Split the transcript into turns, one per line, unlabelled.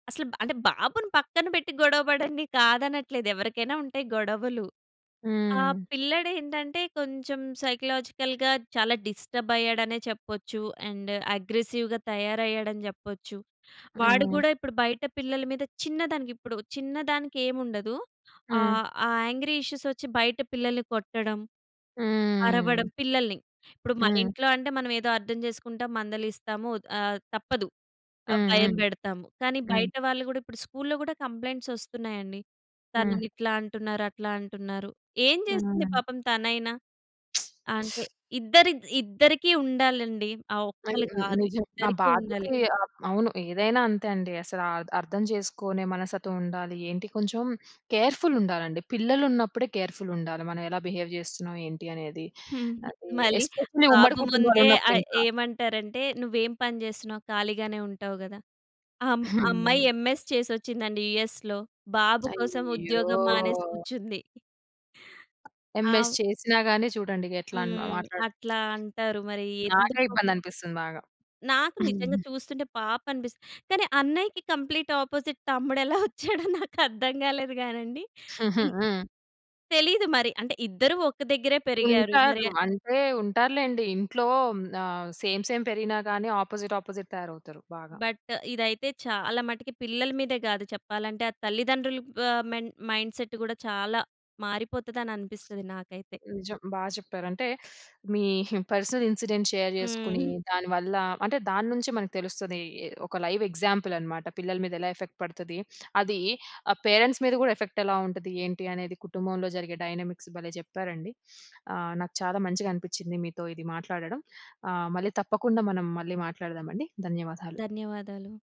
అసలు బా అంటే బాబుని పక్కన పెట్టి గొడవ పడండి, కాదనట్లేదు. ఎవ్వరికైనా ఉంటయి గొడవలు. ఆ
హ్మ్.
పిల్లడేంటంటే కొంచెం సైకలాజికల్‌గా చాలా డిస్టర్బైయ్యాడనే చెప్పొచ్చు, అండ్ అగ్రెసివ్‌గా తయారయ్యాడని జెప్పొచ్చు. వాడు
హ్మ్.
గూడా ఇప్పుడు బయట పిల్లల మీద చిన్నదానికి, ఇప్పుడు చిన్నదానికెముండదు.
హ్మ్.
ఆహ్, ఆ యాంగ్రీ ఇష్యూసొచ్చి బయట పిల్లల్ని కొట్టడం, అరవడం
హ్మ్.
పిల్లల్ని. ఇప్పుడు మన
హ్మ్.
ఇంట్లో అంటే మనం ఏదో అర్థం చేసుకుంటాం, మందలిస్తాము, ఆహ్, తప్పదు. ఆ!
హ్మ్.
భయం
హ్మ్.
పెడతాము. కానీ
హ్మ్.
బయట వాళ్ళు గూడా ఇప్పుడు స్కూల్‌లో గూడా కంప్లెయింట్సోస్తున్నాయండి,
హ్మ్.
"తనని ఇట్లా అంటున్నారు, అట్లా అంటున్నారు". ఏం చేస్తుంది
హ్మ్.
పాపం తనైనా? అంతే. ఇద్దరి ఇద్దరికీ ఉండాలండి, ఆ
ఆన్
ఒక్కలు కాదు,
నిజం. ఆ
ఇద్దరికీ ఉండాలి.
బాధ్యతే ఆ! అవును. ఏదైనా అంతే అండి అసలా అర్ద అర్థం చేసుకోనే మనస్తత్వంముండాలి. ఏంటి కొంచెం కేర్‌ఫుల్ ఉండాలండి, పిల్లలున్నప్పుడే కేర్‌ఫుల్ ఉండాలి. మనం ఎలా బిహేవ్ చేస్తున్నాం? ఏంటి అనేది?
హ్మ్. హ్మ్.
అది
మళ్ళీ
ఎస్పెషల్లీ ఉమ్మడి
బాబు ముందే ఆ
కుటుంబాలున్నప్పుడు ఇంకా.
ఏమంటారంటే "నువ్వేం పని చేస్తున్నావు? ఖాళీగానే ఉంటావు గదా!" అమ్
హ్మ్.
అమ్మాయి
హ్మ్.
ఎంఎస్ చేసొచ్చిందండి యూఎస్‌లో. బాబు కోసం
అయ్యో!
ఉద్యోగం మానేసి కుర్చుంది.
ఎంఎస్
ఆవ్
చేసినా గాని చూడండి ఇగ ఎట్లా అని
హ్మ్.
మాట్లాడు
అట్లా అంటారు మరి
నాకే
ఎందుకో?
ఇబ్బందనిపిస్తుంది బాగా.
నాకు నిజంగా
హ్మ్.
చూస్తుంటే పాపం అనిపిస్తది. కానీ అన్నయ్యకి కంప్లీట్ ఆపోజిట్ తమ్ముడెలా వచ్చాడో నాకు అర్థం కాలేదు గానండి. హ్మ్.
హ్మ్.
తెలీదు మరి. అంటే ఇద్దరు ఒక దగ్గరే పెరిగారు మరే
ఉంటారు. అంటే ఉంటారు లెండి. ఇంట్లో ఆహ్, సేమ్ సేమ్ పెరిగినా గాని ఆపోజిట్ ఆపోజిట్ తయారవుతారు బాగా.
బట్ ఇదైతే చాలా మటికి పిల్లల మీదే గాదు, చెప్పాలంటే ఆ తల్లిదండ్రుల బా మెండ్ మైండ్‌సెట్ కూడా చాలా మారిపోతననిపిస్తది నాకైతే.
నిజం. బా చెప్పారు. అంటే మీ పర్సనల్ ఇన్సిడెంట్ షేర్ చేసుకొని
హ్మ్.
దాని వల్ల అంటే దాన్నుంచే మనకు తెలుస్తది. ఈ ఒక లైవ్ ఎగ్జాంపుల్ అన్నమాట, పిల్లల మీద ఎలా ఎఫెక్ట్ పడతది. అదీ ఆ పేరెంట్స్ మీద కూడా ఎఫెక్ట్ ఎలా ఉంటది? ఏంటి? అనేది కుటుంబంలో జరిగే డైనమిక్స్ భలే చెప్పారండి. ఆహ్, నాకు చాలా మంచిగా అనిపించింది మీతో ఇది మాట్లాడడం, ఆహ్, మళ్ళీ తప్పకుండా మనం మళ్ళీ మాట్లాడదామండి. ధన్యవాదాలు.
ధన్యవాదాలు.